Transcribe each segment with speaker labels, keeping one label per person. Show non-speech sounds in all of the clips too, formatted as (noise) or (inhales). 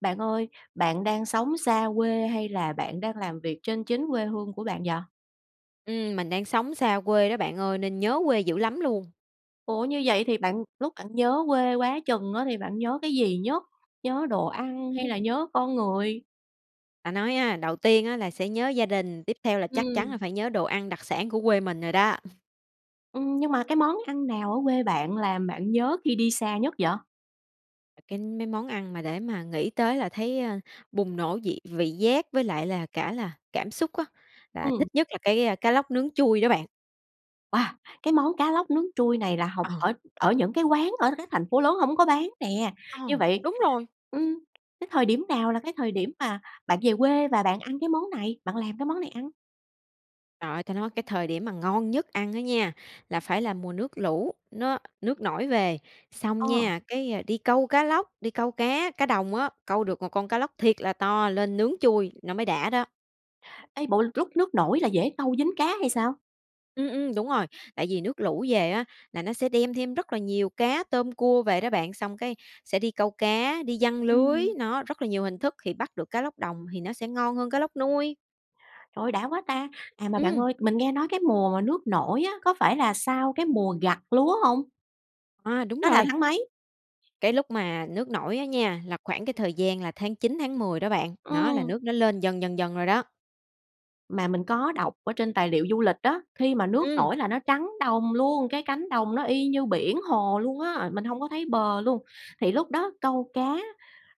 Speaker 1: Bạn ơi, bạn đang sống xa quê hay là bạn đang làm việc trên chính quê hương của bạn vậy?
Speaker 2: Ừm, mình đang sống xa quê đó bạn ơi, nên nhớ quê dữ lắm luôn!
Speaker 1: Ủa, như vậy thì bạn lúc bạn nhớ quê quá chừng á, thì bạn nhớ cái gì nhất? Nhớ đồ ăn hay là
Speaker 2: Ừm.
Speaker 1: nhớ con người?
Speaker 2: Ta nói a, đầu tiên á là sẽ nhớ gia đình, tiếp theo là chắc chắn
Speaker 1: Ừm.
Speaker 2: là phải nhớ đồ ăn đặc sản của quê mình rồi đó. (chuckles)
Speaker 1: Ừm, nhưng mà cái món ăn nào ở quê bạn làm bạn nhớ khi đi xa nhất vậy?
Speaker 2: À, cái mấy món ăn mà để mà nghĩ tới là thấy, ơ, bùng nổ dị vị giác với lại là cả là cảm xúc á, là
Speaker 1: Ừm.
Speaker 2: thích nhất là cái, a, cá lóc nướng trui đó bạn.
Speaker 1: Wow! Cái món cá lóc nướng trui này là học
Speaker 2: Ờ.
Speaker 1: ở ở những cái quán ở các thành phố lớn hổng có bán nè.
Speaker 2: Ờ,
Speaker 1: Như vậy,
Speaker 2: đúng rồi!
Speaker 1: ưm, cái thời điểm nào là cái thời điểm mà bạn về quê và bạn ăn cái món này, bạn làm cái món này ăn?
Speaker 2: Trời ơi, ta nói cái thời điểm mà ngon nhất ăn á nha, là phải là mùa nước lũ, nó nước nổi về. Xong
Speaker 1: Ờ.
Speaker 2: nha, cái, ờ, đi câu cá lóc, đi câu cá cá đồng á, câu được một con cá lóc thiệt là to lên nướng trui, nó mới đã đó.
Speaker 1: Ê, bộ lúc nước nổi là dễ câu dính cá hay sao?
Speaker 2: Ừm, ừm, đúng rồi, tại vì nước lũ về á, là nó sẽ đem thêm rất là nhiều cá, tôm, cua về đó bạn, xong cái sẽ đi câu cá, đi giăng lưới.
Speaker 1: Ừm.
Speaker 2: Nó rất là nhiều hình thức, thì bắt được cá lóc đồng thì nó sẽ ngon hơn cá lóc nuôi.
Speaker 1: Trời ơi, đã quá ta! À, mà bạn
Speaker 2: Ừm.
Speaker 1: ơi, mình nghe nói cái mùa mà nước nổi á, có phải là sau cái mùa gặt lúa hông?
Speaker 2: À, đúng
Speaker 1: Nó là
Speaker 2: rồi.
Speaker 1: tháng mấy?
Speaker 2: Cái lúc mà nước nổi á nha, là khoảng cái thời gian là tháng 9, tháng 10 đó bạn. Đó là
Speaker 1: Ừm.
Speaker 2: nước nó lên dần dần dần rồi đó.
Speaker 1: Mà mình có đọc ở trên tài liệu du lịch á, khi mà nước
Speaker 2: Ừm.
Speaker 1: nổi là nó trắng đồng luôn, cái cánh đồng nó y như biển hồ luôn á, mình hông có thấy bờ luôn. Thì lúc đó câu cá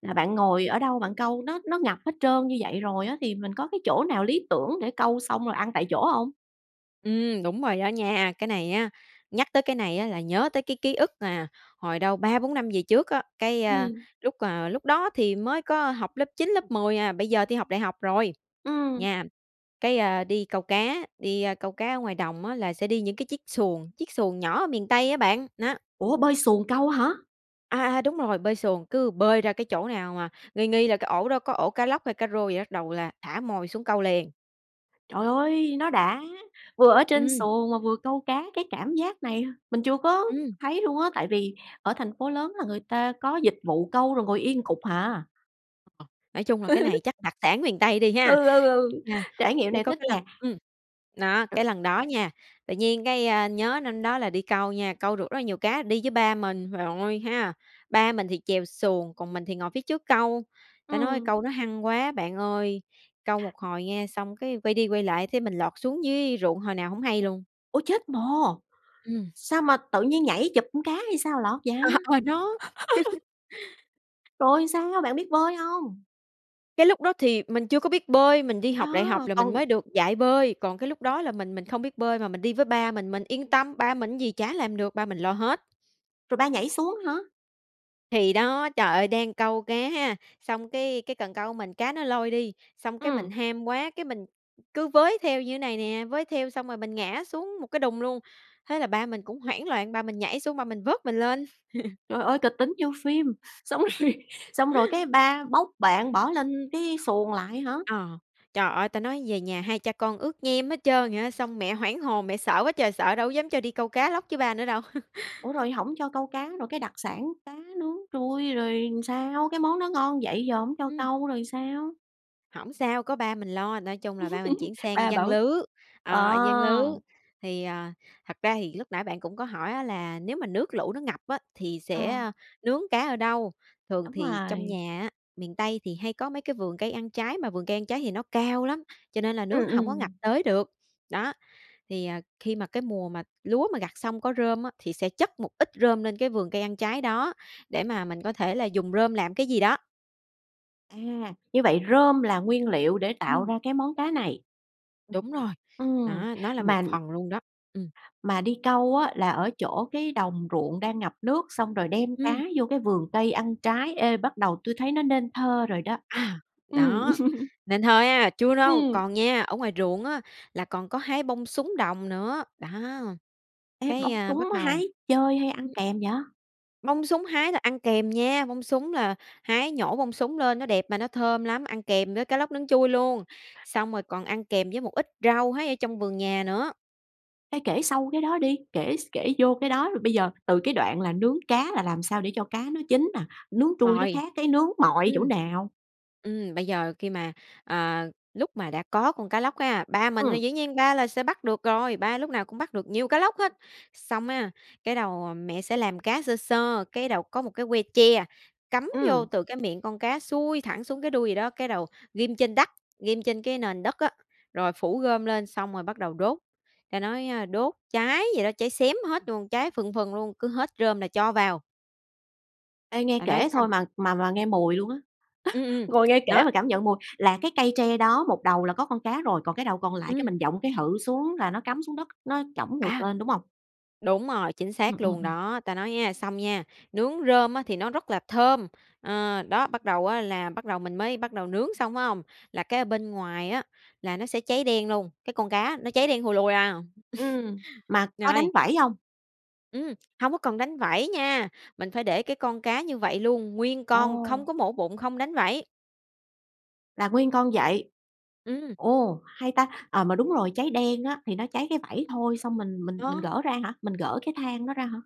Speaker 1: là bạn ngồi ở đâu bạn câu? Nó nó ngập hết trơn như vậy rồi á, thì mình có cái chỗ nào lý tưởng để câu xong rồi ăn tại chỗ hông?
Speaker 2: Ừm, đúng rồi đó nha. Cái này á, nhắc tới cái này á là nhớ tới cái ký ức, à, hồi đâu, 3-4 năm về trước á, cái, ơ,
Speaker 1: Ừm.
Speaker 2: lúc, ờ, lúc đó thì mới có học lớp 9, lớp 10 à, bây giờ thì học đại học rồi,
Speaker 1: Ừm.
Speaker 2: nham. Cái, a, đi câu cá, đi, a, câu cá ở ngoài đồng á, là sẽ đi những cái chiếc xuồng, chiếc xuồng nhỏ ở miền Tây á bạn, đó.
Speaker 1: Ủa, bơi xuồng câu hả?
Speaker 2: À, à, đúng rồi, bơi xuồng. Cứ bơi ra cái chỗ nào mà nghi nghi là cái ổ đó có ổ cá lóc hay cá rô gì đó bắt đầu là thả mồi xuống câu liền.
Speaker 1: Trời ơi, nó đã! Vừa ở trên
Speaker 2: Ừm.
Speaker 1: xuồng mà vừa câu cá cái cảm giác này mình chưa có
Speaker 2: Ừm.
Speaker 1: thấy luôn á, tại vì ở thành phố lớn là người ta có dịch vụ câu rồi ngồi yên cục hà.
Speaker 2: Nói chung là cái này
Speaker 1: (laughs)
Speaker 2: chắc đặc sản miền Tây đi ha.
Speaker 1: Ừ, ừ, ừ,
Speaker 2: À,
Speaker 1: trải nghiệm
Speaker 2: với
Speaker 1: này
Speaker 2: có
Speaker 1: thích
Speaker 2: cái lần
Speaker 1: nè.
Speaker 2: ừm, nó,
Speaker 1: (unintelligible)
Speaker 2: cái lần đó nha, tự nhiên cái, a, nhớ năm đó là đi câu nha, câu được rất là nhiều cá, đi với ba mình. Trời ơi ha, ba mình thì chèo xuồng, còn mình thì ngồi phía trước câu. Ta nói
Speaker 1: Ừm.
Speaker 2: câu nó hăng quá bạn ơi, câu một hồi nghe, xong cái quay đi quay lại thấy mình lọt xuống dưới ruộng hồi nào hổng hay luôn.
Speaker 1: Ôi, chết mồ!
Speaker 2: Ừm.
Speaker 1: Sao mà tự nhiên nhảy chụp con cá hay sao à lọt vậy?
Speaker 2: À, à đó.
Speaker 1: (laughs)
Speaker 2: (laughs)
Speaker 1: Rồi sao, bạn biết bơi hông?
Speaker 2: Cái lúc đó thì mình chưa có biết bơi. Mình đi học đại học
Speaker 1: Đó,
Speaker 2: là mình
Speaker 1: còn
Speaker 2: mới được dạy bơi, còn cái lúc đó là mình mình không biết bơi mà mình đi với ba mình, mình yên tâm. Ba mình cái gì chả làm được, ba mình lo hết.
Speaker 1: Rồi ba nhảy xuống hả?
Speaker 2: Thì đó! Trời ơi, đang câu cá ha, xong cái cái cần câu của mình, cá nó lôi đi, xong cái
Speaker 1: Ừm.
Speaker 2: mình ham quá, cái mình cứ với theo như này nè, với theo xong rồi mình ngã xuống một cái đùng luôn. Thế là ba mình cũng hoảng loạn, ba mình nhảy xuống, ba mình vớt mình lên. (laughs)
Speaker 1: Trời ơi kịch tính như phim. Xong rồi, xong rồi cái
Speaker 2: (inhales)
Speaker 1: ba bốc bạn bỏ lên cái xuồng lại hả?
Speaker 2: Ờ. Trời ơi, ta nói về nhà hai cha con ướt nhem hết trơn vậy á. Xong mẹ hoảng hồn, mẹ sợ quá trời sợ, đâu dám cho đi câu cá lóc với ba nữa đâu.
Speaker 1: Ủa rồi
Speaker 2: (laughs)
Speaker 1: hổng cho câu cá, rồi cái đặc sản cá nướng trui rồi sao? Cái món đó ngon vậy giờ hổng cho
Speaker 2: Ừm.
Speaker 1: câu rồi sao?
Speaker 2: Hổng sao, có ba mình lo, nói chung là ba mình chuyển
Speaker 1: (laughs)
Speaker 2: sang
Speaker 1: Ba
Speaker 2: giăng
Speaker 1: bảo
Speaker 2: lưới,
Speaker 1: ờ.
Speaker 2: ờ, giăng lưới. Thì, ờ, thật ra thì lúc nãy bạn cũng có hỏi á là nếu mà nước lũ nó ngập á, thì sẽ,
Speaker 1: Ờ.
Speaker 2: ơ, nướng cá ở đâu? Thường
Speaker 1: Đúng
Speaker 2: thì trong
Speaker 1: rồi.
Speaker 2: nhà á, miền Tây thì hay có mấy cái vườn cây ăn trái, mà vườn cây ăn trái thì nó cao lắm, cho nên là nước
Speaker 1: Ừm,
Speaker 2: nó hổng có ngập
Speaker 1: ừm.
Speaker 2: tới được. Đó, thì, ờ, khi mà cái mùa mà lúa mà gặt xong có rơm á, thì sẽ chất một ít rơm lên cái vườn cây ăn trái đó, để mà mình có thể là dùng rơm làm cái gì đó.
Speaker 1: À, như vậy rơm là nguyên liệu để tạo
Speaker 2: Ừm.
Speaker 1: ra cái món cá này.
Speaker 2: Đúng rồi.
Speaker 1: Ừm,
Speaker 2: Đó, nó là một
Speaker 1: mà
Speaker 2: phần luôn đó. Ừm.
Speaker 1: mà đi câu á, là ở chỗ cái đồng ruộng đang ngập nước, xong rồi đem cá
Speaker 2: Ừm.
Speaker 1: vô cái vườn cây ăn trái. Ê, bắt đầu tui thấy nó nên thơ rồi đó.
Speaker 2: À,
Speaker 1: Ừm
Speaker 2: đó. Nên thơ ha! Chưa đâu,
Speaker 1: Ừm.
Speaker 2: còn nha, ở ngoài ruộng á, là còn có hái bông súng đồng nữa, đó.
Speaker 1: Ê,
Speaker 2: Cái,
Speaker 1: bông
Speaker 2: ơ,
Speaker 1: súng
Speaker 2: bắt đầu
Speaker 1: hái chơi hay ăn
Speaker 2: ừm.
Speaker 1: kèm vậy?
Speaker 2: Bông súng hái là ăn kèm nha. Bông súng là hái, nhổ bông súng lên, nó đẹp mà nó thơm lắm, ăn kèm với cá lóc nướng trui luôn. Xong rồi còn ăn kèm với một ít rau hái ở trong vườn nhà nữa.
Speaker 1: Ê, kể sâu cái đó đi, kể s kể vô cái đó, rồi bây giờ từ cái đoạn là nướng cá là làm sao để cho cá nó chín nà? Nướng trui nó
Speaker 2: Rồi.
Speaker 1: khác cái nướng mọi
Speaker 2: Ừm.
Speaker 1: chỗ nào?
Speaker 2: Ừm, bây giờ khi mà, à, lúc mà đã có con cá lóc á, ba mình thì
Speaker 1: Ừm.
Speaker 2: dĩ nhiên ba là sẽ bắt được rồi, ba lúc nào cũng bắt được nhiều cá lóc hết. Xong á, cái đầu mẹ sẽ làm cá sơ sơ, cái đầu có một cái que tre, cắm vô
Speaker 1: Ừm.
Speaker 2: từ cái miệng con cá xuôi thẳng xuống cái đuôi vậy đó. Cái đầu ghim trên đắt, ghim trên cái nền đất á, rồi phủ rơm lên, xong rồi bắt đầu đốt. Ta nói ha, đốt cháy vậy đó, cháy xém hết luôn, cháy phừng phừng luôn, cứ hết rơm là cho vào.
Speaker 1: Ê nghe
Speaker 2: Ta nói
Speaker 1: kể
Speaker 2: xong
Speaker 1: thôi mà mà mà nghe mùi luôn á,
Speaker 2: Ừm,
Speaker 1: (laughs)
Speaker 2: ừm,
Speaker 1: ngồi nghe kể
Speaker 2: đó.
Speaker 1: mà cảm nhận mùi là cái cây tre đó, một đầu là có con cá rồi, còn cái đầu còn lại cái
Speaker 2: Ừm.
Speaker 1: mình dộng cái hự xuống là nó cắm xuống đất, nó chổng ngược
Speaker 2: À!
Speaker 1: lên, đúng hông?
Speaker 2: Đúng rồi, chính
Speaker 1: Ừ,
Speaker 2: xác
Speaker 1: ừm,
Speaker 2: luôn
Speaker 1: ừm.
Speaker 2: đó. Ta nói nha, xong nha, nướng rơm á thì nó rất là thơm, ờ, đó, bắt đầu á là bắt đầu mình mới bắt đầu nướng xong, phải hông? Là cái ở bên ngoài á, là nó sẽ cháy đen luôn cái con cá nó cháy đen thùi lùi à,
Speaker 1: Ừm,
Speaker 2: (chuckles)
Speaker 1: mà có đánh
Speaker 2: rồi
Speaker 1: vảy hông?
Speaker 2: Ừm, hông có cần đánh vảy nha, mình phải để cái con cá như vậy luôn, nguyên con,
Speaker 1: Ồ!
Speaker 2: không có mổ bụng, không đánh vảy.
Speaker 1: Là nguyên con vậy.
Speaker 2: Ừm.
Speaker 1: Ồ, hay ta! Ờ, mà đúng rồi, cháy đen á, thì nó cháy cái vảy thôi, xong mình mình mình
Speaker 2: Đó.
Speaker 1: gỡ ra hả, mình gỡ cái than nó ra hả?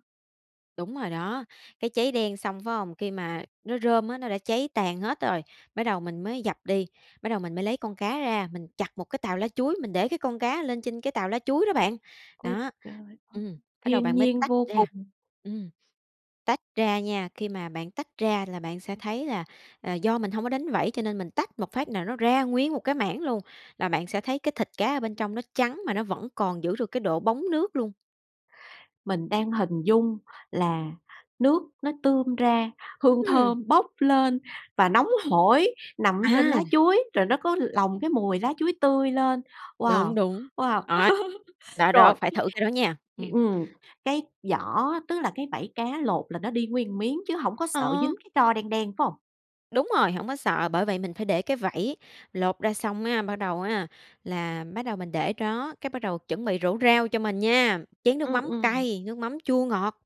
Speaker 2: Đúng rồi đó. Cái cháy đen xong, phải hông? Khi mà nó rơm á, nó đã cháy tàn hết rồi, bắt đầu mình mới dập đi, bắt đầu mình mới lấy con cá ra, mình chặt một cái tàu lá chuối, mình để cái con cá lên trên cái tàu lá chuối đó bạn.
Speaker 1: Ôi
Speaker 2: Đó,
Speaker 1: trời ơi,
Speaker 2: ừm, bắt đầu
Speaker 1: thiên
Speaker 2: bạn mới
Speaker 1: nhiên
Speaker 2: tách
Speaker 1: vô
Speaker 2: ra,
Speaker 1: cùng!
Speaker 2: ừm tách ra nha, khi mà bạn tách ra là bạn sẽ thấy là, à, do mình hông có đánh vảy, cho nên mình tách một phát nà nó ra nguyên một cái mảng luôn, là bạn sẽ thấy cái thịt cá ở bên trong nó trắng mà nó vẫn còn giữ được cái độ bóng nước luôn.
Speaker 1: Mình đang hình dung là nước nó tươm ra, hương
Speaker 2: Ừm.
Speaker 1: thơm bốc lên và nóng hổi, nằm ở trên lá
Speaker 2: À!
Speaker 1: chuối, rồi nó có lồng cái mùi lá chuối tươi lên. Wow,
Speaker 2: Đúng, đúng.
Speaker 1: wow!
Speaker 2: Đó,
Speaker 1: (laughs)
Speaker 2: đó, đó,
Speaker 1: Rồi,
Speaker 2: phải thử cái đó nha.
Speaker 1: hiểu
Speaker 2: Ừm.
Speaker 1: ừm, cái vỏ tức là cái vảy cá lột là nó đi nguyên miếng chứ hổng có sợ
Speaker 2: Ờ.
Speaker 1: dính cái tro đen đen, phải hông?
Speaker 2: Đúng rồi, hổng có sợ, bởi vậy mình phải để cái vẩy, lột ra xong á, bắt đầu á, là bắt đầu mình để đó, cái bắt đầu chuẩn bị rổ rau cho mình nha, chén nước
Speaker 1: Ừm,
Speaker 2: mắm
Speaker 1: ừm.
Speaker 2: cay, nước mắm chua ngọt.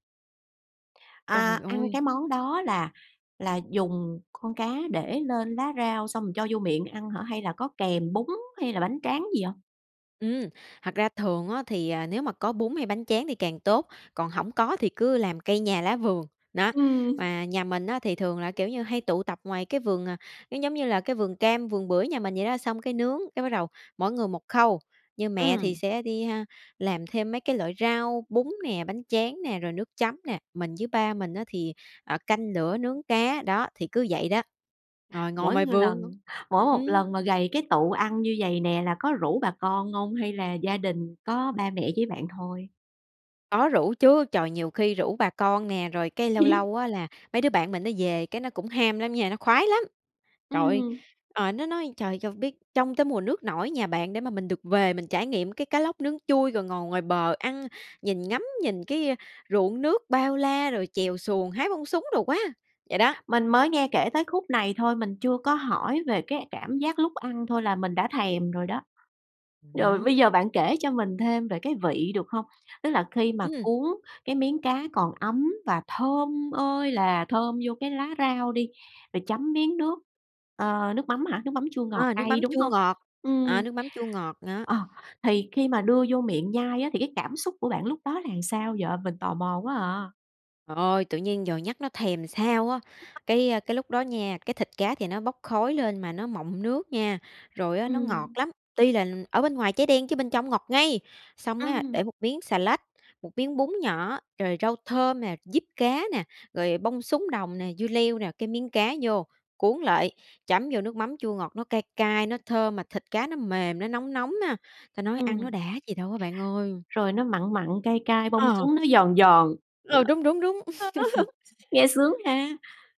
Speaker 2: Trời
Speaker 1: À, ăn
Speaker 2: ơi!
Speaker 1: cái món đó là là dùng con cá để lên lá rau xong rồi cho vô miệng ăn hả? Hay là có kèm bún hay là bánh tráng gì hông?
Speaker 2: Ừm, thật ra thường á thì, à, nếu mà có bún hay bánh tráng thì càng tốt, còn hổng có thì cứ làm cây nhà lá vườn. Đó.
Speaker 1: Ừm.
Speaker 2: Mà nhà mình á thì thường là, kiểu như, hay tụ tập ngoài cái vườn à cái giống như là, cái vườn cam, vườn bưởi nhà mình vậy đó. Xong cái nướng, cái bắt đầu mỗi người 1 khâu, như mẹ thì
Speaker 1: Ừm.
Speaker 2: sẽ đi ha, làm thêm mấy cái loại rau, bún nè, bánh tráng nè, rồi nước chấm nè, mình với ba mình á thì, ờ, canh lửa nướng cá. Đó, thì cứ vậy đó, rồi ngồi
Speaker 1: Mỗi
Speaker 2: ngoài
Speaker 1: một
Speaker 2: vườn.
Speaker 1: lần mỗi 1
Speaker 2: Ừm.
Speaker 1: lần mà gầy cái tụ ăn như vầy nè là có rủ bà con hông hay là gia đình có ba mẹ với bạn thôi?
Speaker 2: Có rủ chứ. Trời, nhiều khi rủ bà con nè, rồi cái lâu
Speaker 1: (laughs)
Speaker 2: lâu á, là mấy đứa bạn mình nó về, cái nó cũng ham lắm nha, nó khoái lắm! Trời ơi,
Speaker 1: Ừm.
Speaker 2: ờ, nó nói: "Trời, cho biết trông tới mùa nước nổi nhà bạn để mà mình được về, mình trải nghiệm cái cá lóc nướng trui rồi ngồi ngoài bờ ăn, nhìn ngắm, nhìn cái, a, ruộng nước bao la, rồi chèo xuồng, hái bông súng đồ quá!" Vậy đó.
Speaker 1: Mình mới nghe kể tới khúc này thôi. mình chưa có hỏi về cái cảm giác lúc ăn thôi là mình đã thèm rồi đó.
Speaker 2: Ừm,
Speaker 1: Rồi
Speaker 2: nó
Speaker 1: bây giờ bạn kể cho mình thêm về cái vị, được hông? Tức là khi mà
Speaker 2: Ừm.
Speaker 1: cuốn cái miếng cá còn ấm và thơm ơi là thơm vô cái lá rau đi, rồi chấm miếng nước, ờ, nước mắm hả, nước mắm chua ngọt
Speaker 2: Ờ, nước
Speaker 1: cay,
Speaker 2: mắm
Speaker 1: đúng
Speaker 2: chua
Speaker 1: hông?
Speaker 2: ngọt ờ,
Speaker 1: Ừm.
Speaker 2: nước mắm chua ngọt đó.
Speaker 1: Ờ, thì khi mà đưa vô miệng nhai á thì cái cảm xúc của bạn lúc đó là sao vậy? Mình tò mò quá à.
Speaker 2: Trời ơi, tự nhiên giờ nhắc nó thèm làm sao á!
Speaker 1: (unintelligible)
Speaker 2: Cái, ơ cái lúc đó nha, cái thịt cá thì nó bốc khói lên mà nó mọng nước nha, rồi á, nó ngọt
Speaker 1: Ừm.
Speaker 2: lắm. Tuy là ở bên ngoài cháy đen chứ bên trong ngọt ngay! Xong á,
Speaker 1: Ừm.
Speaker 2: để một miếng xà lách, một miếng bún nhỏ, rồi rau thơm nè, diếp cá nè, rồi bông súng đồng nè, dưa leo nè, cái miếng cá vô, cuốn lại, chấm vô nước mắm chua ngọt. Nó cay cay, nó thơm mà thịt cá nó mềm, nó nóng nóng ha. Ta nói ăn nó
Speaker 1: Ừm.
Speaker 2: đã gì đâu á bạn ơi!
Speaker 1: Rồi nó mặn mặn, cay cay, bông
Speaker 2: Ờ.
Speaker 1: súng nó giòn giòn. (unintelligible)
Speaker 2: Ừ, đúng, đúng, đúng. (laughs)
Speaker 1: (laughs) Nghe sướng ha.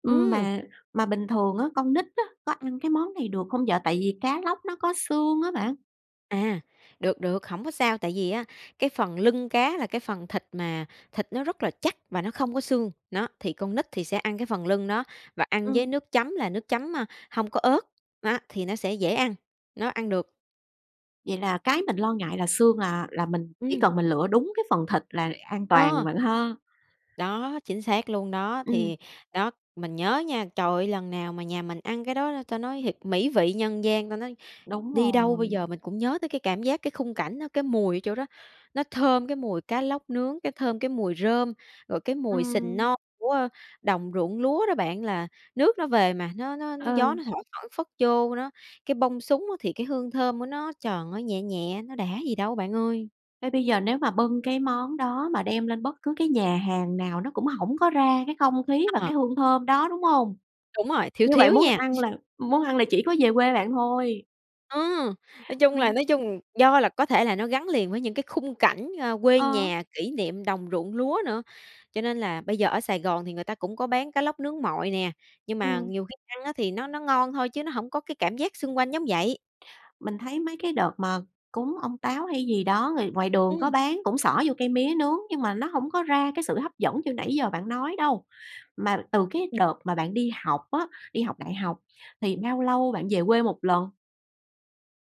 Speaker 1: Ừm,
Speaker 2: Ừm.
Speaker 1: mà mà bình thường á, con nít á, có ăn cái món này được hông vậy? Tại vì cá lóc nó có xương á bạn.
Speaker 2: À, được, được, hổng có sao, tại vì á, cái phần lưng cá là cái phần thịt mà thịt nó rất là chắc và nó không có xương. Đó, thì con nít thì sẽ ăn cái phần lưng đó và ăn với
Speaker 1: Ừm.
Speaker 2: nước chấm là nước chấm, ơ, hông có ớt. Đó, thì nó sẽ dễ ăn, nó ăn được.
Speaker 1: Vậy là cái mình lo ngại là xương là là mình chỉ
Speaker 2: Ừm.
Speaker 1: cần mình lựa đúng cái phần thịt là an toàn
Speaker 2: Ờ.
Speaker 1: bạn ha.
Speaker 2: Đó, chính xác luôn đó.
Speaker 1: Ừm.
Speaker 2: Thì đó, mình nhớ á nha, trời ơi lần nào mà nhà mình ăn cái đó ta nói thiệt "mỹ vị nhân gian". Ta nói,
Speaker 1: Đúng
Speaker 2: đi đâu bây
Speaker 1: rồi.
Speaker 2: giờ mình cũng nhớ tới cái cảm giác, cái khung cảnh đó, cái mùi ở chỗ đó, nó thơm cái mùi cá lóc nướng, cái thơm cái mùi rơm, rồi cái mùi sình
Speaker 1: Ừm.
Speaker 2: non của, ơ, đồng ruộng lúa đó bạn là nước nó về mà nó nó
Speaker 1: Ờ.
Speaker 2: nó gió nó thổi phảng phất vô đó. Cái bông súng á, thì cái hương thơm của nó tròn nó nhẹ nhẹ, nó đã gì đâu bạn ơi!
Speaker 1: Thế bây giờ nếu mà bưng cái món đó mà đem lên bất cứ cái nhà hàng nào nó cũng hổng có ra cái không khí
Speaker 2: (unintelligible)
Speaker 1: và
Speaker 2: Ờ.
Speaker 1: cái hương thơm đó, đúng hông?
Speaker 2: Đúng rồi, thiếu
Speaker 1: Như vậy
Speaker 2: thiếu
Speaker 1: muốn
Speaker 2: nha.
Speaker 1: ăn là muốn ăn là chỉ có về quê bạn thôi.
Speaker 2: Ờ! Nói chung là
Speaker 1: Ừm.
Speaker 2: nói chung do là có thể là nó gắn liền với những cái khung cảnh, à, quê
Speaker 1: Ờ.
Speaker 2: nhà, kỷ niệm đồng ruộng lúa nữa. Cho nên là bây giờ ở Sài Gòn thì người ta cũng có bán cá lóc nướng mọi nè, nhưng mà
Speaker 1: Ừm.
Speaker 2: nhiều khi ăn á thì nó nó ngon thôi chứ nó hổng có cái cảm giác xung quanh giống vậy.
Speaker 1: Mình thấy mấy cái đợt mà cúng ông Táo hay gì đó, người ngoài đường có
Speaker 2: Ừm.
Speaker 1: bán cũng xỏ vô cây mía nướng, nhưng mà nó hông có ra cái sự hấp dẫn như nãy giờ bạn nói đâu. Mà từ cái đợt mà bạn đi học á, đi học đại học thì bao lâu bạn về quê một lần?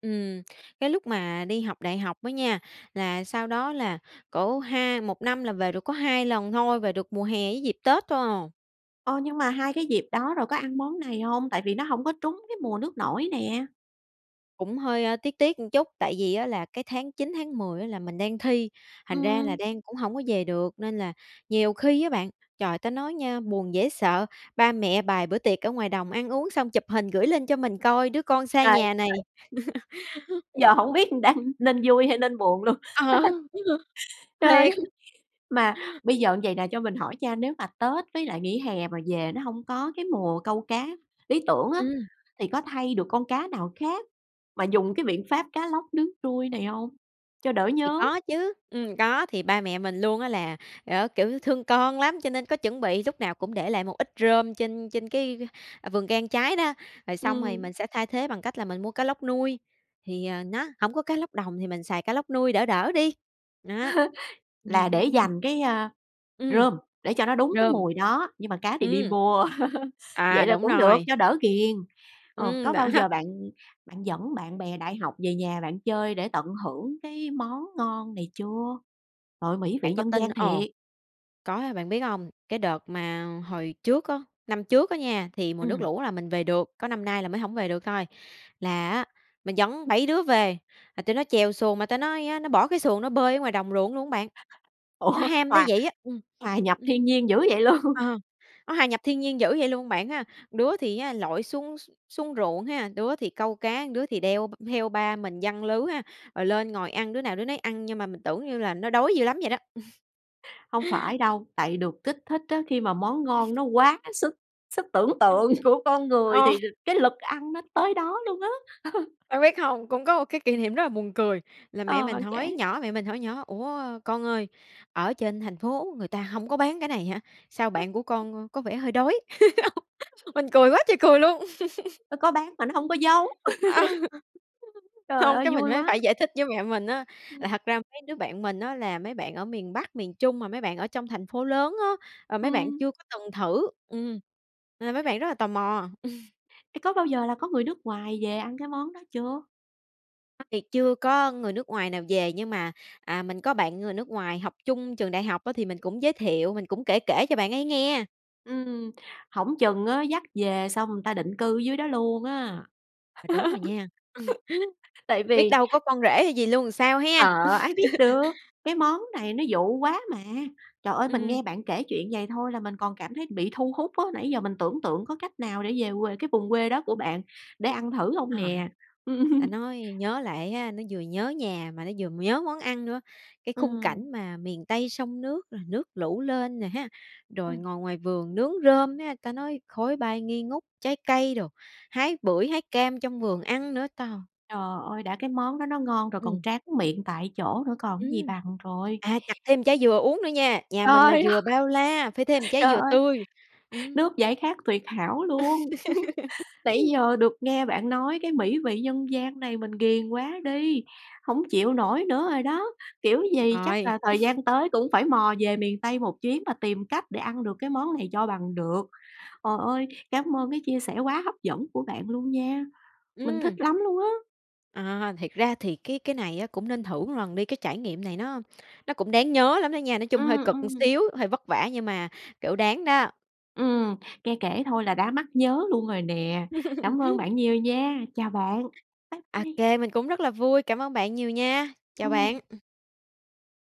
Speaker 2: Ừm, cái lúc mà đi học đại học á nha, là sau đó là cỡ ha một năm là về được có 2 lần thôi, về được mùa hè với dịp Tết thôi à.
Speaker 1: Ơ, nhưng mà hai cái dịp đó rồi có ăn món này hông? Tại vì nó hổng có trúng cái mùa nước nổi nè.
Speaker 2: Cũng hơi tiếc tiếc một chút, tại vì á là cái tháng 9, tháng 10 á là mình đang thi, thành ra là
Speaker 1: Ừm.
Speaker 2: đang cũng hổng có về được. Nên là nhiều khi á bạn, trời, ta nói nha, buồn dễ sợ, ba mẹ bày bữa tiệc ở ngoài đồng ăn uống xong chụp hình gửi lên cho mình coi đứa con xa
Speaker 1: Trời
Speaker 2: nhà này.
Speaker 1: (unintelligible)
Speaker 2: (laughs)
Speaker 1: Giờ hổng biết đang nên vui hay nên buồn luôn.
Speaker 2: Ờ.
Speaker 1: (laughs) Trời ơi!
Speaker 2: Thiệt!
Speaker 1: Mà bây giờ như vầy nè, cho mình hỏi nha, nếu mà Tết với lại nghỉ hè mà về nó hông có cái mùa câu cá lý tưởng á,
Speaker 2: Ừm.
Speaker 1: thì có thay được con cá nào khác mà dùng cái biện pháp cá lóc nướng trui này hông, cho đỡ
Speaker 2: Thì
Speaker 1: nhớ?
Speaker 2: có chứ. Ừm, có. Thì ba mẹ mình luôn á là, kiểu, thương con lắm, cho nên có chuẩn bị lúc nào cũng để lại một ít rơm trên trên cái vườn cây ăn trái đó. Rồi xong rồi
Speaker 1: Ừm.
Speaker 2: mình sẽ thay thế bằng cách là mình mua cá lóc nuôi, thì, ờ, nó hổng có cá lóc đồng thì mình xài cá lóc nuôi đỡ đỡ đi. Đó.
Speaker 1: (laughs) Là để
Speaker 2: (laughs)
Speaker 1: dành cái, ơ,
Speaker 2: Ừm.
Speaker 1: rơm, để cho nó đúng cái
Speaker 2: Rơm.
Speaker 1: mùi đó, nhưng mà cá thì đi
Speaker 2: Ừm.
Speaker 1: mua. (laughs) Vậy
Speaker 2: À,
Speaker 1: là
Speaker 2: đúng
Speaker 1: cũng được,
Speaker 2: rồi.
Speaker 1: cho đỡ ghiền. Ờ,
Speaker 2: Ừm,
Speaker 1: có
Speaker 2: đó.
Speaker 1: bao giờ bạn bạn dẫn bạn bè đại học về nhà bạn chơi để tận hưởng cái món ngon này chưa? Trời ơi, mỹ vị
Speaker 2: Bạn có
Speaker 1: nhân
Speaker 2: tin
Speaker 1: gian
Speaker 2: ồ!
Speaker 1: thiệt!
Speaker 2: Có, bạn biết hông? Cái đợt mà hồi trước á, năm trước á nha, thì mùa nước
Speaker 1: Ừm.
Speaker 2: lũ là mình về được, có năm nay là mới hổng về được thôi. Là á, mình dẫn 7 đứa về, mà tụi nó chèo xuồng mà ta nói á, nó bỏ cái xuồng nó bơi ở ngoài đồng ruộng luôn á bạn. Nó
Speaker 1: Ủa,
Speaker 2: ham tới
Speaker 1: hòa
Speaker 2: vậy á ừm,
Speaker 1: hòa nhập
Speaker 2: ừm.
Speaker 1: thiên nhiên dữ vậy luôn?
Speaker 2: Ờ, nó hòa nhập thiên nhiên dữ vậy luôn bạn ha. Đứa thì á, lội xuống x xuống ruộng ha, đứa thì câu cá, đứa thì đeo v theo ba mình giăng lưới ha. Rồi lên ngồi ăn đứa nào đứa nấy ăn nhưng mà mình tưởng như là nó đói dữ lắm vậy đó.
Speaker 1: Hông
Speaker 2: (laughs)
Speaker 1: phải đâu, tại được kích thích á. Khi mà món ngon
Speaker 2: (laughs)
Speaker 1: nó quá sức sức tưởng
Speaker 2: Ừm.
Speaker 1: tượng của con người
Speaker 2: Ờ.
Speaker 1: thì cái lực ăn nó tới đó luôn á. (laughs)
Speaker 2: Bạn biết không? Cũng có một cái kỷ niệm rất là buồn cười, là mẹ
Speaker 1: Ờ,
Speaker 2: mình
Speaker 1: bạn
Speaker 2: hỏi
Speaker 1: kể.
Speaker 2: nhỏ mẹ mình hỏi nhỏ: "Ủa con ơi, ở trên thành phố người ta hông có bán cái này hả? Sao bạn của
Speaker 1: (unintelligible)
Speaker 2: con có vẻ hơi đói?" (giggles)
Speaker 1: (unintelligible)
Speaker 2: Mình cười quá trời cười luôn! (laughs)
Speaker 1: Nó có bán mà nó hổng có giống!
Speaker 2: (laughs)
Speaker 1: (laughs) Trời
Speaker 2: Không,
Speaker 1: ơi,
Speaker 2: cái mình
Speaker 1: vui
Speaker 2: mới
Speaker 1: quá!
Speaker 2: phải giải thích với mẹ mình á
Speaker 1: Ừm.
Speaker 2: là thật ra mấy đứa bạn mình á là mấy bạn ở miền Bắc, miền Trung mà mấy bạn ở trong thành phố lớn á, ờ, mấy bạn
Speaker 1: Ừm.
Speaker 2: chưa có từng thử ừm, nên là mấy bạn rất là tò mò.
Speaker 1: Ê, có bao giờ là có người nước ngoài về ăn cái món đó chưa?
Speaker 2: (unintelligible) việc chưa có người nước ngoài nào về, nhưng mà, à, mình có bạn người nước ngoài học chung trường đại học á, thì mình cũng giới thiệu, mình cũng kể kể cho bạn ấy nghe.
Speaker 1: Ừm, hổng chừng á dắt về xong người ta định cư ở dưới đó luôn á!
Speaker 2: À, đúng rồi nha.
Speaker 1: (laughs) Tại
Speaker 2: (laughs) Biết
Speaker 1: vì
Speaker 2: đâu có con rể hay gì luôn thì sao ha?
Speaker 1: Ờ, ai biết được,
Speaker 2: (laughs)
Speaker 1: cái món này nó dụ quá mà. Trời ơi, mình
Speaker 2: Ừm.
Speaker 1: nghe bạn kể chuyện vầy thôi là mình còn cảm thấy bị thu hút á, nãy giờ mình tưởng tượng có cách nào để về quê cái vùng quê đó của bạn để ăn thử hông
Speaker 2: Trời,
Speaker 1: nè?
Speaker 2: ta
Speaker 1: (laughs)
Speaker 2: nói nhớ lại á, nó vừa nhớ nhà mà nó vừa m nhớ món ăn nữa. Cái khung
Speaker 1: Ừm.
Speaker 2: cảnh mà miền Tây sông nước, rồi nước lũ lên nè ha, rồi
Speaker 1: Ừm.
Speaker 2: ngồi ngoài vườn nướng rơm ha, ta nói khói bay nghi ngút, trái cây đồ, hái bưởi, hái cam trong vườn ăn nữa, trời!
Speaker 1: Trời ơi, đã cái món đó nó ngon rồi còn
Speaker 2: Ừm.
Speaker 1: tráng miệng tại chỗ nữa còn cái gì
Speaker 2: Ừm.
Speaker 1: bằng trời!
Speaker 2: À, chặt thêm trái dừa uống nữa nha. Nhà mình là
Speaker 1: Trời ơi,
Speaker 2: dừa bao la, phải thêm một trái
Speaker 1: trời
Speaker 2: dừa
Speaker 1: ơi!
Speaker 2: tươi. Ừm.
Speaker 1: Nước giải khát tuyệt hảo luôn! (chuckles) Nãy
Speaker 2: (laughs)
Speaker 1: giờ được nghe bạn nói cái mỹ vị nhân gian này mình ghiền quá đi, hổng chịu nổi nữa rồi đó. Kiểu gì chắc
Speaker 2: Rồi.
Speaker 1: là thời
Speaker 2: (chuckles)
Speaker 1: gian tới cũng phải mò về miền Tây một chuyến mà tìm cách để ăn được cái món này cho bằng được. Hời ơi, cám ơn cái chia sẻ quá hấp dẫn của bạn luôn nha, mình thích
Speaker 2: Ừm.
Speaker 1: lắm luôn á!
Speaker 2: À, thiệt ra thì cái cái này á cũng nên thử một lần đi, cái trải nghiệm này nó nó cũng đáng nhớ lắm đó nha. Nói chung hơi
Speaker 1: Ừm,
Speaker 2: cực một
Speaker 1: ừm.
Speaker 2: xíu, hơi vất vả nhưng mà, kiểu, đáng đó.
Speaker 1: Ừm, nghe kể thôi là đã mắc nhớ luôn rồi nè. Cảm ơn
Speaker 2: (laughs)
Speaker 1: bạn nhiều nha. Chào bạn, bye bye.
Speaker 2: OK, mình cũng rất là vui. Cảm ơn bạn nhiều nha. Chào bạn.
Speaker 1: Ừm.
Speaker 2: Ừm.